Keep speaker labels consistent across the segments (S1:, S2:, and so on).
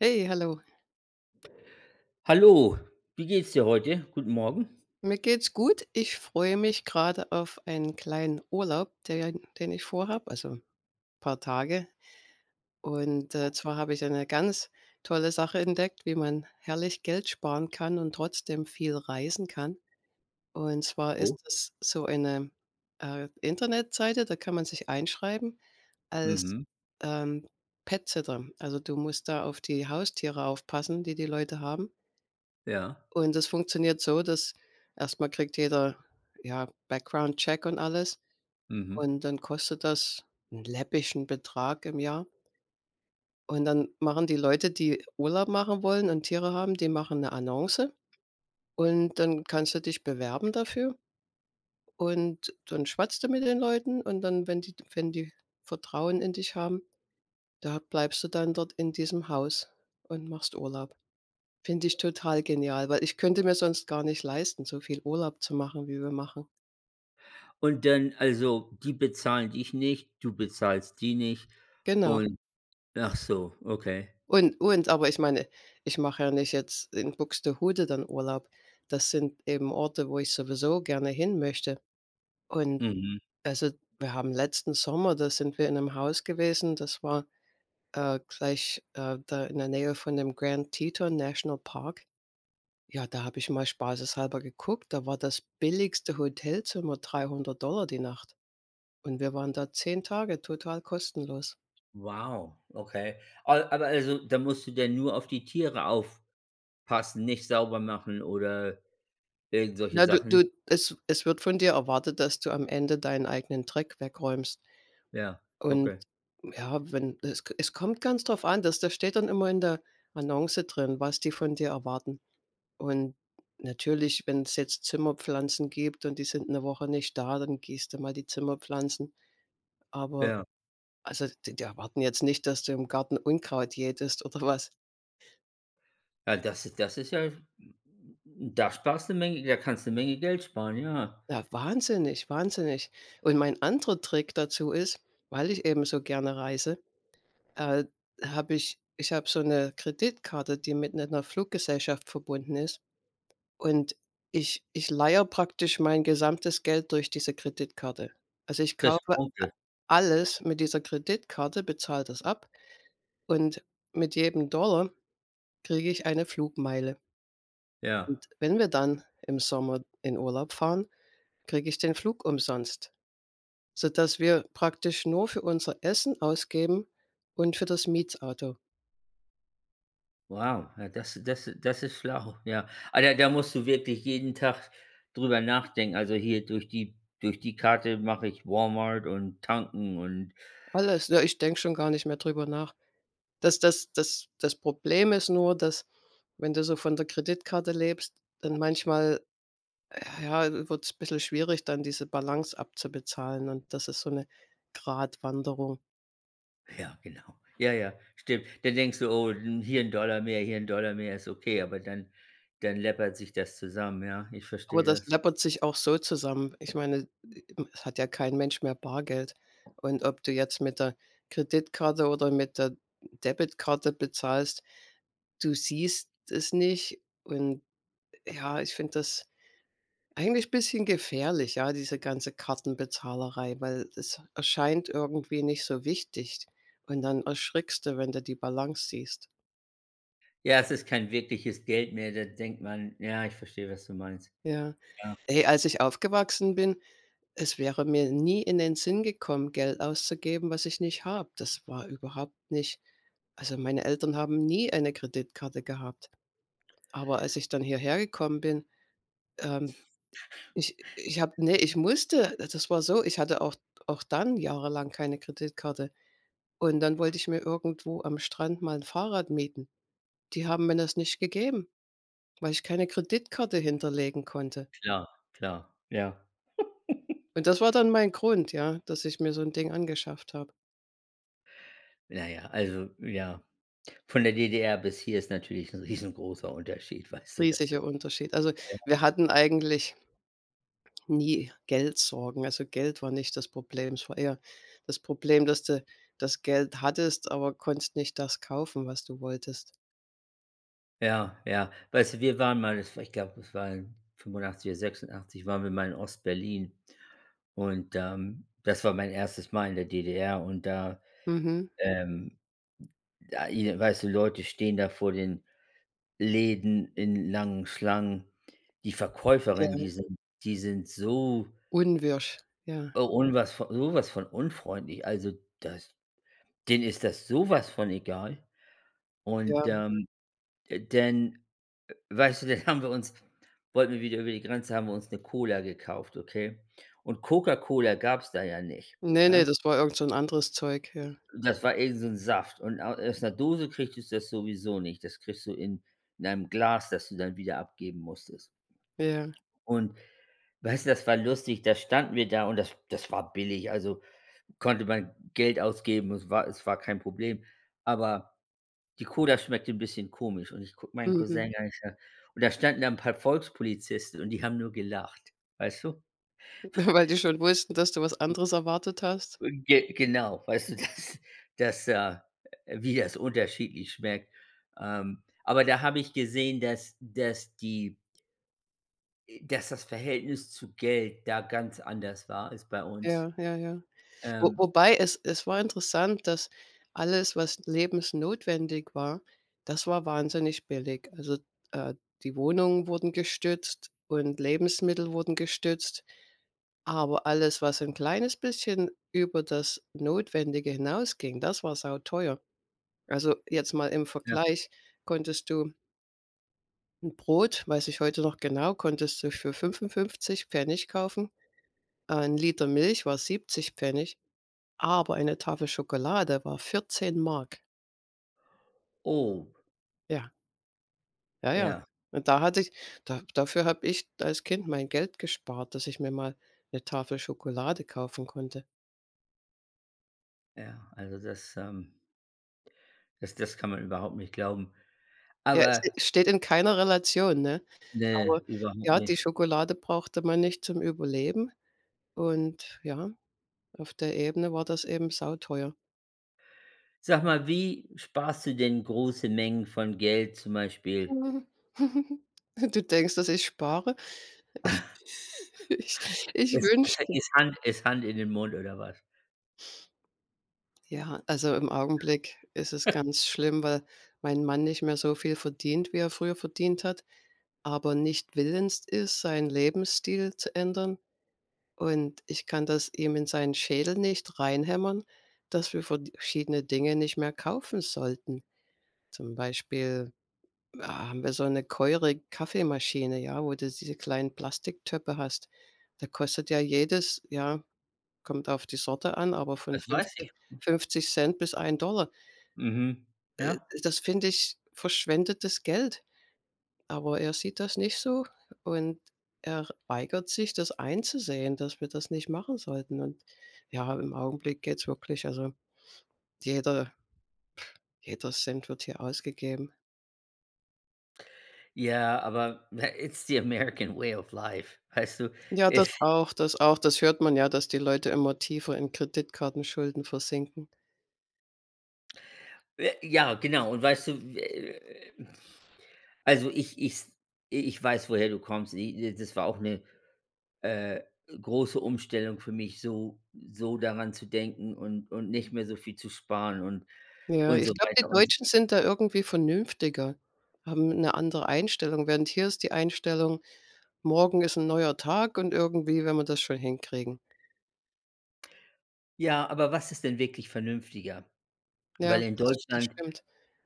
S1: Hey, hallo.
S2: Hallo, wie geht's dir heute? Guten Morgen.
S1: Mir geht's gut. Ich freue mich grade auf einen kleinen Urlaub, den den ich vorhabe, also, paar Tage. Und,
S2: Oh.
S1: äh, zwar habe ich eine ganz tolle Sache entdeckt, wie man herrlich Geld sparen kann und trotzdem viel reisen kann. Und zwar
S2: Oh.
S1: ist das so eine, äh, Internetseite, da kann man sich einschreiben als,
S2: Mhm.
S1: ähm, Pet-Sitter. Also, du musst da auf die Haustiere aufpassen, die die Leute haben.
S2: Ja.
S1: Und das funktioniert so, dass erstmal kriegt jeder, ja, Background Check und alles,
S2: Mhm.
S1: und dann kostet das 'n läppischen Betrag im Jahr. Und dann machen die Leute, die Urlaub machen wollen und Tiere haben, die machen 'ne Annonce und dann kannst du dich bewerben dafür. Und dann schwatzt du mit den Leuten. Und dann, wenn die wenn die Vertrauen in dich haben, da bleibst du dann dort in diesem Haus und machst Urlaub. Finde ich total genial, weil ich könnte mir sonst gar nicht leisten, so viel Urlaub zu machen, wie wir machen.
S2: Und dann also die bezahlen dich nicht, du bezahlst die nicht
S1: Genau.
S2: und ach so, okay.
S1: Und und aber ich meine ich mache ja nicht jetzt in Buxtehude dann Urlaub. Das sind eben Orte, wo ich sowieso gerne hin möchte. Und
S2: Mhm.
S1: also, wir haben letzten Sommer, da sind wir in 'nem Haus gewesen, das war, äh, gleich, äh, da in der Nähe von dem Grand-Teton-Nationalpark. Ja, da habe ich mal spaßeshalber geguckt. Da war das billigste Hotelzimmer 300 $ die Nacht. Und wir waren da 10 Tage total kostenlos.
S2: Wow, okay, a aber also da musst du dann nur auf die Tiere aufpassen, nicht sauber machen oder irgend solche
S1: Ne, du
S2: Sachen?
S1: du es es wird von dir erwartet, dass du am Ende deinen eigenen Dreck wegräumst.
S2: Ja,
S1: Und
S2: okay.
S1: ja, wenn es k es kommt ganz drauf an, das das steht dann immer in der Annonce drin, was die von dir erwarten. Und natürlich, wenn's jetzt Zimmerpflanzen gibt und die sind 'ne Woche nicht da, dann gießt du mal die Zimmerpflanzen. Aber
S2: Ja.
S1: also die die erwarten jetzt nicht, dass du im Garten Unkraut jätetest oder was?
S2: Ja das das ist ja da sparst du 'ne Menge da kannst du 'ne Menge Geld sparen, ja.
S1: Ja, wahnsinnig, wahnsinnig. Und mein anderer Trick dazu ist, weil ich eben so gerne reise, äh, habe ich ich habe so 'ne Kreditkarte, die mit 'ner 'ner Fluggesellschaft verbunden ist. Und ich ich leihe praktisch mein gesamtes Geld durch diese Kreditkarte. Also, ich
S2: Kriegst
S1: kaufe a
S2: Punkte.
S1: alles mit dieser Kreditkarte, bezahle das ab und mit jedem Dollar kriege ich eine Flugmeile.
S2: Ja.
S1: Und wenn wir dann im Sommer in Urlaub fahren, kriege ich den Flug umsonst, sodass wir praktisch nur für unser Essen ausgeben und für das Mietauto.
S2: Wow, ja das das das ist schlau, ja. Aber da da musst du wirklich jeden Tag drüber nachdenken. Also, hier durch die durch die Karte mache ich Walmart und Tanken und
S1: Alles. Ja, ich denke schon gar nicht mehr drüber nach. Das das das das Problem ist nur, dass wenn du so von der Kreditkarte lebst, dann manchmal ja, wird's bissel schwierig, dann diese Balance abzubezahlen. Und das ist so 'ne Gradwanderung.
S2: Ja, genau. Ja, ja, stimmt. Dann denkst du: „Oh, 'n hier 'n Dollar mehr, hier 'n Dollar mehr ist okay.“ Aber dann dann läppert sich das zusammen, ja, ich
S1: Aber
S2: verstehe
S1: das
S2: das.
S1: läppert sich auch so zusammen. Ich meine, e es hat ja kein Mensch mehr Bargeld. Und ob du jetzt mit der Kreditkarte oder mit der Debitkarte bezahlst, du siehst es nicht. Und ja, ich finde das eigentlich bisschen gefährlich, ja, diese ganze Kartenbezahlerei, weil es erscheint irgendwie nicht so wichtig. Und dann erschrickst du, wenn du die Balance siehst.
S2: Ja, es ist kein wirkliches Geld mehr, da denkt man ja, ich verstehe, was du meinst.
S1: Ja,
S2: Ja.
S1: ey, als ich aufgewachsen bin, es wäre mir nie in den Sinn gekommen, Geld auszugeben, was ich nicht habe. Das war überhaupt nicht also, meine Eltern haben nie eine Kreditkarte gehabt. Aber als ich dann hierhergekommen bin, ähm, ich ich habe ne, ich musste äh, das war so, ich hatte auch auch dann jahrelang keine Kreditkarte. Und dann wollte ich mir irgendwo am Strand mal 'n Fahrrad mieten. Die haben mir das nicht gegeben, weil ich keine Kreditkarte hinterlegen konnte.
S2: Klar, klar. Ja.
S1: Und das war dann mein Grund, ja, dass ich mir so 'n Ding angeschafft habe.
S2: Na ja, also ja von der DDR bis hier ist natürlich 'n riesengroßer Unterschied, weißt du das, äh.
S1: Riesiger Unterschied. Also,
S2: Ja.
S1: wir hatten eigentlich nie Geldsorgen. Also Geld war nicht das Problem. Es war eher das Problem, dass du das Geld hattest, aber konntest nicht das kaufen, was du wolltest.
S2: Ja, ja. Weißt du, wir waren mal es war, ich glaube, es war in 85 oder 86 waren wir mal in Ostberlin und, ähm, das war mein 1. Mal in der DDR und da,
S1: Mhm.
S2: ähm, da i weißt du, Leute stehen da vor den Läden in langen Schlangen. Die
S1: Ja.
S2: Verkäuferinnen, die sind die sind so
S1: Unwirsch, ja.
S2: un was sowas von unfreundlich. Also, das denen ist das sowas von egal.
S1: Ja,
S2: Und,
S1: mhm.
S2: ähm, denn weißt du, dann haben wir uns wollten wir wieder über die Grenze, haben wir uns 'ne Cola gekauft, okay? Und Coca-Cola gab's da ja nicht,
S1: Ne, ne,
S2: ne?
S1: das war irgend so 'n anderes Zeug, ja.
S2: Das war irgend so 'n Saft und au aus 'ner Dose kriegtest du das sowieso nicht. Das kriegst du in 'nem Glas, das du dann wieder abgeben musstest.
S1: Ja.
S2: Und weißt du, das war lustig. Da standen wir da und das das war billig, also konnte man Geld ausgeben, es war es war kein Problem. Aber die Cola schmeckte 'n bisschen komisch und ich gucke meinen
S1: Mhm.
S2: Cousin an, ich sage und da standen da 'n paar Volkspolizisten und die haben nur gelacht, weißt du?
S1: Weil die schon wussten, dass du was anderes erwartet hast?
S2: Und ge genau, weißt du, dass dass, äh, wie das unterschiedlich schmeckt. Ähm, aber da habe ich gesehen, dass dass die Äh, dass das Verhältnis zu Geld da ganz anders war als bei uns.
S1: Ja, ja, ja. Wo
S2: Ähm
S1: wobei es es war interessant, dass alles, was lebensnotwendig war, das war wahnsinnig billig. Also, äh, die Wohnungen wurden gestützt und Lebensmittel wurden gestützt, aber alles, was 'n kleines bisschen über das Notwendige hinausging, das war sauteuer. Also, jetzt mal im
S2: Ja.
S1: Vergleich konntest du 'n Brot, weiß ich heute noch genau, konntest du für 55 Pf. kaufen, äh, 'n Liter Milch war 70 Pf., aber eine Tafel Schokolade war 14 DM.
S2: Oh.
S1: Ja. Ja, ja.
S2: Ja.
S1: Und da hatte ich da dafür habe ich als Kind mein Geld gespart, dass ich mir mal 'ne Tafel Schokolade kaufen konnte.
S2: Ja, also das, ähm das das kann man überhaupt nicht glauben.
S1: Ja, es, äh,
S2: Aber
S1: steht in keiner Relation, ne? Aber
S2: Ne, überhaupt
S1: ja, die
S2: nicht.
S1: Schokolade brauchte man nicht zum Überleben. Und ja, auf der Ebene war das eben sauteuer.
S2: Sag mal, wie sparst du denn große Mengen von Geld zum Beispiel?
S1: Du denkst, dass ich spare? Ich ich
S2: [unintelligible] Besser
S1: wünschte.
S2: ist Hand ist Hand in den Mund oder was?
S1: Ja. Also, im Augenblick ist es ganz schlimm, weil mein Mann nicht mehr so viel verdient, wie er früher verdient hat, aber nicht willens ist, seinen Lebensstil zu ändern. Und ich kann das ihm in seinen Schädel nicht reinhämmern, dass wir verschiedene Dinge nicht mehr kaufen sollten. Zum Beispiel, haben wir so 'ne teure Kaffeemaschine, ja, wo du diese kleinen Plastiktöpfe hast. Da kostet ja jedes ja, kommt auf die Sorte an, aber von
S2: Das weiß
S1: [unintelligible]
S2: ich.
S1: 50 Cent bis 1 $.
S2: Mhm.
S1: Äh,
S2: Ja.
S1: das finde ich verschwendetes Geld. Aber er sieht das nicht so und er weigert sich, das einzusehen, dass wir das nicht machen sollten. Und, ja, im Augenblick geht's wirklich. Also jeder jeder Cent wird hier ausgegeben.
S2: Ja, aber ne it's the American Way of life, weißt du?
S1: Ja, das
S2: Es
S1: auch das auch. Das hört man ja, dass die Leute immer tiefer in Kreditkartenschulden versinken.
S2: Äh, ja, genau. Und weißt du, äh. Also ich ich ich weiß, woher du kommst. I das war auch 'ne äh, große Umstellung für mich, so so daran zu denken und und nicht mehr so viel zu sparen und
S1: Ja,
S2: und so
S1: ich glaube, die
S2: weiter und
S1: Deutschen sind da irgendwie vernünftiger haben 'ne andere Einstellung. Während hier ist die Einstellung: „Morgen ist 'n neuer Tag. Und irgendwie werden wir das schon hinkriegen."
S2: Ja, aber was ist denn wirklich vernünftiger?
S1: Ja,
S2: Weil in
S1: das das
S2: Deutschland
S1: stimmt.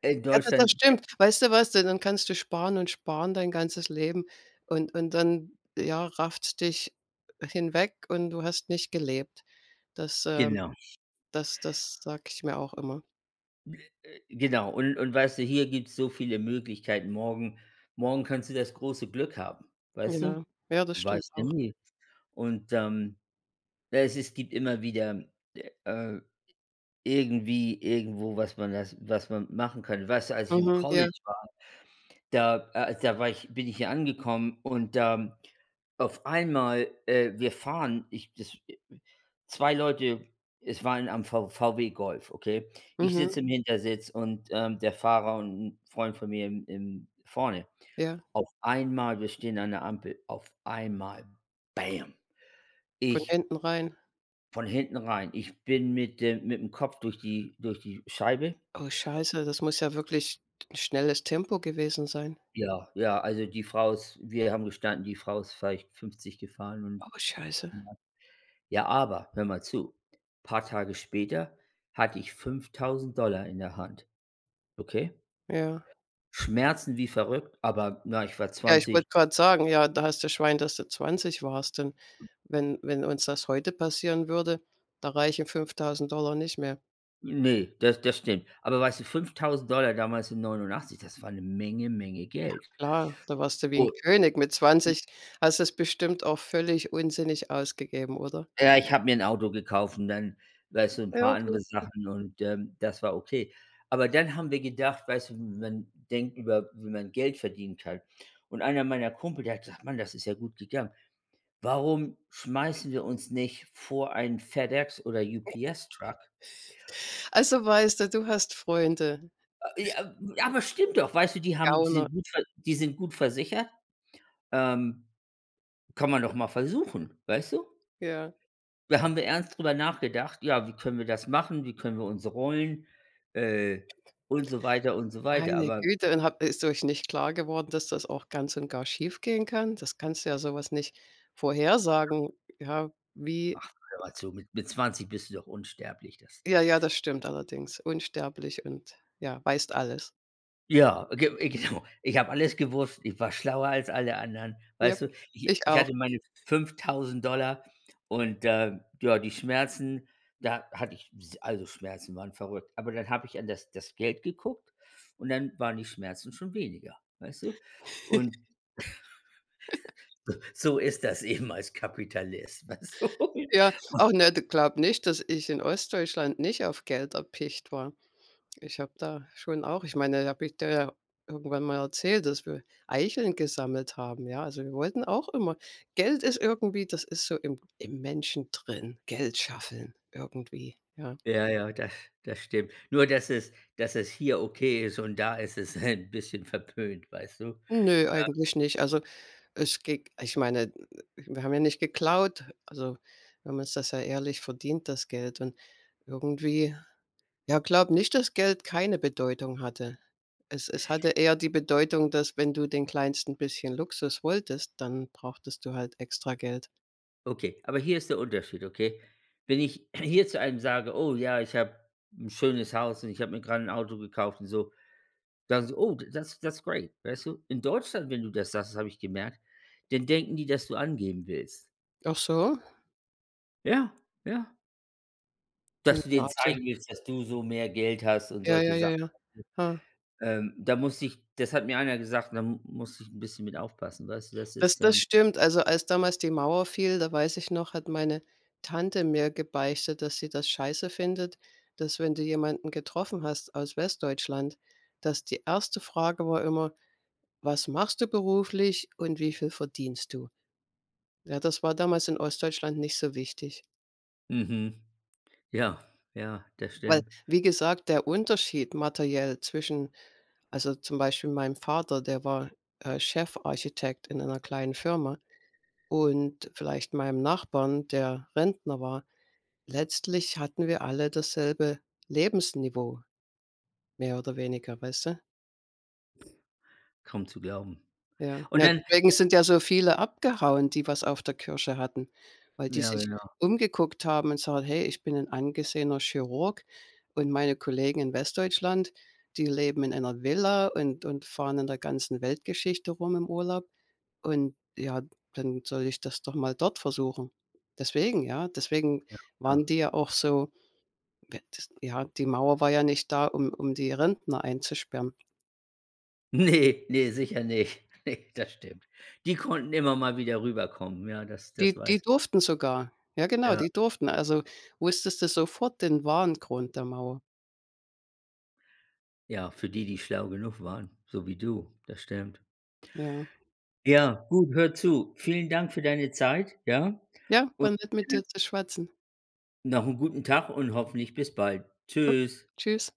S2: äh, in
S1: Ja, da das
S2: Deutschland
S1: stimmt. Weißt du was? Ja dann kannst du sparen und sparen dein ganzes Leben. Und und dann ja, rafft's dich hinweg und du hast nicht gelebt. Das, ähm,
S2: Genau.
S1: das das sage ich mir auch immer.
S2: Äh äh, genau und und weißt du, hier gibt's so viele Möglichkeiten. Morgen morgen kannst du das große Glück haben, weißt du?
S1: Ja, ja, das stimmt
S2: Weißt du
S1: auch.
S2: nie. Und, ähm ja es es gibt immer wieder, äh irgendwie, irgendwo, was man das was man machen kann. Weißt du, als ich im
S1: Mhm. Ja.
S2: College war, da, äh da war ich bin ich hier angekommen und da auf einmal, äh wir fahren, ich das äh 2 Leute es war ein am V VW Golf, okay? Ich
S1: Mhm.
S2: sitze im Hintersitz und, ähm, der Fahrer und 'n Freund von mir im im vorne.
S1: Ja.
S2: Auf einmal, wir stehen an 'ner Ampel, auf einmal: „Bäm."
S1: Von
S2: Ich
S1: hinten rein.
S2: von hinten rein. Ich bin mit dem mitm Kopf durch die durch die Scheibe.
S1: Oh, Scheiße. Das muss ja wirklich t schnelles Tempo gewesen sein.
S2: Ja, ja, also die Frau ist wir haben gestanden, die Frau ist vielleicht 50 gefahren und.
S1: Oh scheiße.
S2: [unintelligible] Ja, aber hör mal zu, paar Tage später hatte ich 5.000 $ in der Hand. Okay?
S1: Ja.
S2: Schmerzen wie verrückt, aber na, ich war
S1: Ja, ich
S2: 20.
S1: wollte gerade sagen ja, da hast du Schwein, dass du 20 warst. Und wenn wenn uns das heute passieren würde, da reichen 5.000 $ nicht mehr.
S2: Ne, das das stimmt. Aber weißt du, 5000 $ damals in 89, das war ‘ne Menge, Menge
S1: Ja
S2: Geld.
S1: klar, da warst du wie 'n König. Mit
S2: [unintelligible]
S1: 20 hast du‘s bestimmt auch völlig unsinnig ausgegeben, oder?
S2: Ja, ich habe mir ‘n Auto gekauft und dann, weißt du, ‘n
S1: Ja,
S2: paar
S1: okay,
S2: andere
S1: gut.
S2: Sachen und, ähm, das war okay. Aber, dann haben wir gedacht, weißt du, man denkt über, wie man Geld verdienen kann und einer meiner Kumpel, der hat gesagt: „Mann, das ist ja gut gegangen. Warum schmeißen wir uns nicht vor einen FedEx oder UPS Truck?“
S1: Also weißt du, du hast Freunde.
S2: A e ah aber stimmt doch. Weißt du, die haben die
S1: Gauner.
S2: sind gut ver die sind gut versichert. Ähm, kann man doch mal versuchen, weißt du?
S1: Ja.
S2: Wir haben da ernst darüber nachgedacht: „Ja, wie können wir das machen? Wie können wir uns rollen“, äh, und so weiter und so weiter.
S1: Meine
S2: Aber
S1: Güte und habt ist euch nicht klar geworden, dass das auch ganz und gar schiefgehen kann? Das kannst du ja sowas nicht vorhersagen, ja, wie
S2: Ach, hör mal zu, mit mit 20 bist du doch unsterblich, das
S1: Ja, ja, das stimmt allerdings unsterblich und ja, weißt alles.
S2: Ja, ge äh, genau. Ich habe alles gewusst, ich war schlauer als alle anderen,
S1: Ja,
S2: weißt du, ich
S1: ich
S2: ich
S1: auch.
S2: hatte meine 5.000 $ und, äh, ja, die Schmerzen. Da hatte ich, s also, Schmerzen waren verrückt. Aber dann habe ich an das das Geld geguckt. Und dann waren die Schmerzen schon weniger, weißt du, und so so ist das eben als Kapitalist, weißt du
S1: Ja.
S2: und
S1: Ach, ne, du glaube nicht, dass ich in Ostdeutschland nicht auf Geld erpicht war. Ich habe da schon auch ich meine, da habe ich dir ja irgendwann mal erzählt, dass wir Eicheln gesammelt haben, ja, also, wir wollten auch immer Geld ist irgendwie, das ist so im im Menschen drin. Geld scheffeln irgendwie, ja.
S2: Ja, ja, das das stimmt. Nur dass es dass es hier okay ist und da ist es ein bisschen verpönt, weißt du?
S1: Nö,
S2: Ja.
S1: eigentlich nicht. Also, es geht ich meine, w wir haben ja nicht geklaut. Also, wir haben uns das ja ehrlich verdient das Geld und irgendwie ja, glaube nicht, dass Geld keine Bedeutung hatte. Es es hatte eher die Bedeutung, dass wenn du den kleinsten bisschen Luxus wolltest, dann brauchtest du halt extra Geld.
S2: Okay, aber hier ist der Unterschied, okay? Wenn ich hier zu einem sage: „Oh ja, ich habe ‘n schönes Haus und ich habe mir gerade ‘n Auto gekauft“ und so, dann so: „Oh t that's that's great“, weißt du? In Deutschland, wenn du das sagst, das habe ich gemerkt, dann denken die, dass du angeben willst.
S1: Ach so.
S2: Ja, ja.
S1: Hm,
S2: Dass du
S1: ja,
S2: denen
S1: absolut.
S2: zeigen willst, dass du so mehr Geld hast und
S1: Ja, ja,
S2: solche
S1: ja,
S2: Sachen.
S1: ja. Hä.
S2: Ähm, da musste ich das hat mir einer gesagt und da m musste ich ‘n bisschen mit aufpassen. Weißt du, das
S1: Das
S2: ist,
S1: das
S2: ähm
S1: stimmt. Also, als damals die Mauer fiel, da weiß ich noch, hat meine Tante mir gebeichtet, dass sie das Scheiße findet, dass, wenn du jemanden getroffen hast aus Westdeutschland, dass die 1. Frage war immer: „Was machst du beruflich?“, und: „Wie viel verdienst du?“ Ja, das war damals in Ostdeutschland nicht so wichtig.
S2: Mhm. Ja, ja, das
S1: Weil,
S2: stimmt.
S1: wie gesagt, der Unterschied materiell zwischen also zum Beispiel meinem Vater, der war, äh, Chefarchitekt in einer kleinen Firma und vielleicht meinem Nachbarn, der Rentner war, letztlich hatten wir alle dasselbe Lebensniveau. Mehr oder weniger, weißt du?
S2: Kaum zu glauben.
S1: Ja.
S2: Und
S1: Ja,
S2: dann,
S1: deswegen
S2: äh
S1: sind ja so viele abgehauen, die was auf der Kirsche hatten, weil die
S2: Ja,
S1: sich
S2: genau.
S1: umgeguckt haben und sagen: „Hey, ich bin ‘n angesehener Chirurg und meine Kollegen in Westdeutschland, die leben in einer Villa und und fahren in der ganzen Weltgeschichte rum im Urlaub. Und ja, dann soll ich das doch mal dort versuchen.“ Deswegen, ja? Deswegen
S2: Ja klar.
S1: waren die ja auch so. [unintelligible] Ja, die Mauer war ja nicht da, um um die Rentner einzusperren.
S2: Ne, ne, sicher nicht. Ne, das stimmt. Die konnten immer mal wieder rüberkommen. Ja, das das
S1: Die die
S2: weiß ich.
S1: durften sogar. Ja, genau,
S2: Ja.
S1: die durften. Also, wusstest du sofort den wahren Grund der Mauer.
S2: Ja, für die, die schlau genug waren, so wie du, das stimmt.
S1: Ja.
S2: Ja, gut, hör zu. Vielen Dank für deine Zeit, ja?
S1: Ja, war
S2: Und,
S1: nett mit
S2: äh
S1: dir zu schwatzen.
S2: noch ‘n guten Tag und hoffentlich bis bald.
S1: Okay.
S2: Tschüss.
S1: Tschüss.